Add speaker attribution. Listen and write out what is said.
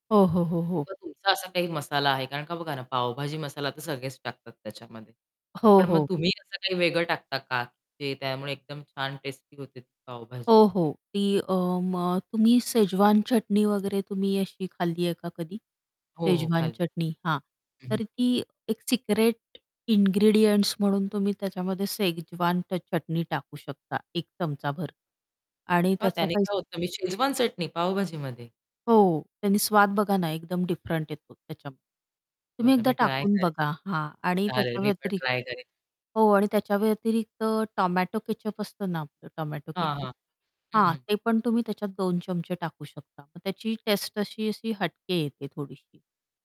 Speaker 1: हो, हो, हो, हो.
Speaker 2: किंवा तुमचा असा काही मसाला आहे? कारण का बघा ना पावभाजी मसाला तर सगळेच टाकतात त्याच्यामध्ये.
Speaker 1: हो,
Speaker 2: पण मग
Speaker 1: हो.
Speaker 2: तुम्ही असं काही वेगळं टाकता का, की त्यामुळे एकदम छान टेस्टी होते ती पावभाजी?
Speaker 1: हो, हो. ती अ, मग तुम्ही शेजवान चटणी वगैरे तुम्ही अशी खाल्ली आहे का कधी?
Speaker 2: हो, हो.
Speaker 1: शेजवान
Speaker 2: खाल्ली.
Speaker 1: चटणी हां.
Speaker 2: हं.
Speaker 1: तर ती एक सिक्रेट इनग्रीडिएंट्स म्हणून तुम्ही त्याच्यामध्ये शेजवान ट चटणी टाकू शकता एक चमचाभर. आणि
Speaker 2: मग
Speaker 1: त्याचा
Speaker 2: त्याने
Speaker 1: काही
Speaker 2: काय होतं? मग शेजवान चटणी पावभाजीमध्ये?
Speaker 1: हो, त्यानी स्वाद बघा ना एकदम डिफरंट येतो त्याच्याम तुम्ही
Speaker 2: बरं
Speaker 1: एकदा
Speaker 2: मी ट्राय
Speaker 1: टाकून
Speaker 2: करेन.
Speaker 1: बघा. हां. आणि
Speaker 2: चालेल
Speaker 1: त्याच्या
Speaker 2: मी पण
Speaker 1: व्यतिरि
Speaker 2: ट्राय करेन.
Speaker 1: हो आणि त्याच्या व्यतिरिक्त टोमॅटो केचअप असतं ना आपलं टोमॅटो
Speaker 2: हां,
Speaker 1: केचअप?
Speaker 2: हां. हं,
Speaker 1: हां.
Speaker 2: हं.
Speaker 1: ते पण तुम्ही त्याच्यात 2 चमचे टाकू शकता. मग त्याची टेस्ट अशी-अशी हटके येते थोडीशी.